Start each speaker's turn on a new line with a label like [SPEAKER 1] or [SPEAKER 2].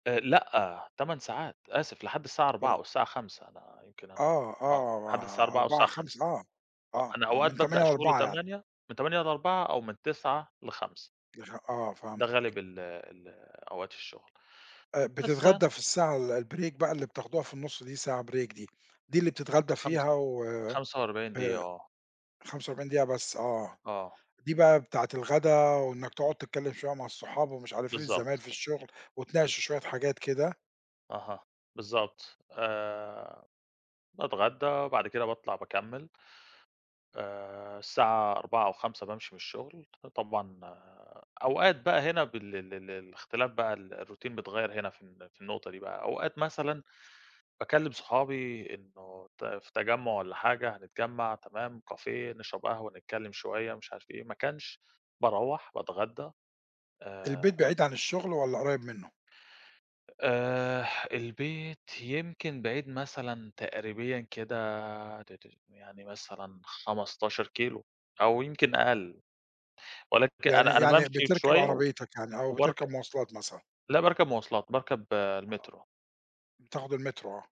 [SPEAKER 1] آآ، لأ 8 ساعات، آسف لحد الساعة 16:00
[SPEAKER 2] تما
[SPEAKER 1] أو الساعة 17:00 أنا يمكن أنا
[SPEAKER 2] آه
[SPEAKER 1] آه، لحد الساعة
[SPEAKER 2] آه
[SPEAKER 1] 16:00 أو
[SPEAKER 2] 16:00
[SPEAKER 1] الساعة 17:00
[SPEAKER 2] 17:00 آه
[SPEAKER 1] آه،
[SPEAKER 2] آه
[SPEAKER 1] أنا
[SPEAKER 2] آه
[SPEAKER 1] أوقات
[SPEAKER 2] من
[SPEAKER 1] بابدأ
[SPEAKER 2] 08:00
[SPEAKER 1] الشغل
[SPEAKER 2] ل16:00 يعني.
[SPEAKER 1] 08:00 من 08:00 ل16:00 أو من 09:00 ل17:00
[SPEAKER 2] يفه آه
[SPEAKER 1] ده غالب
[SPEAKER 2] فهمتك.
[SPEAKER 1] ال ال أوقات الشغل،
[SPEAKER 2] آآ،
[SPEAKER 1] بس
[SPEAKER 2] بتتغدى في الساعة ال الbreak بقى اللي بتاخدوها في النُصّ دي، ساعة break دي دي اللي بتتغدى
[SPEAKER 1] خمس
[SPEAKER 2] فيها وآآ،
[SPEAKER 1] 45 دقيقة، آه.
[SPEAKER 2] 45 دقيقة بس، آه،
[SPEAKER 1] آه،
[SPEAKER 2] دي
[SPEAKER 1] إمم.
[SPEAKER 2] بقى بتاعة الغدا وإنك تقعد تتكلم شوية مع الصحاب ومش عارف إيه، الزمايل
[SPEAKER 1] بالضبط،
[SPEAKER 2] في الشغل
[SPEAKER 1] بالض
[SPEAKER 2] وتناقشوا شوية حاجات كده.
[SPEAKER 1] أها، بالضبط، آآ، باتغدّى وبعد كده باطلع باكمّل. آآ، الساعة 16:00 أو 17:00 بامشي من الشغل طبعًا أوقات بقى هنا بال ال ال الاختلاف بقى ال الروتين بيتغيّر هنا في ال في النقطة دي بقى، أوقات مثلًا باكلّم صحابي إنه ت في تجمُّع والَّا حاجة هنتجمّع، تمام cafe نشرب قهوة نتكلم شوية، مش عارف إيه، ما كانش باروّح باتغدّى
[SPEAKER 2] البيت
[SPEAKER 1] آآ
[SPEAKER 2] بعيد عن الشغل والَّا قريّب منه؟
[SPEAKER 1] آآ، البيت يمكن بعيد مثلًا تقريبيًا كده، ت ت يعني مثلًا 15 كيلو، أو يمكن أقل، ولكن
[SPEAKER 2] يعني
[SPEAKER 1] أنا أنا
[SPEAKER 2] يعني
[SPEAKER 1] بامشي
[SPEAKER 2] بتركب
[SPEAKER 1] شوية
[SPEAKER 2] عربيتك يعني، أو
[SPEAKER 1] وبارك
[SPEAKER 2] بتركب مواصلات مثلًا؟
[SPEAKER 1] لأ باركب مواصلات باركب
[SPEAKER 2] آه،
[SPEAKER 1] المترو.
[SPEAKER 2] بتاخد المترو، آه.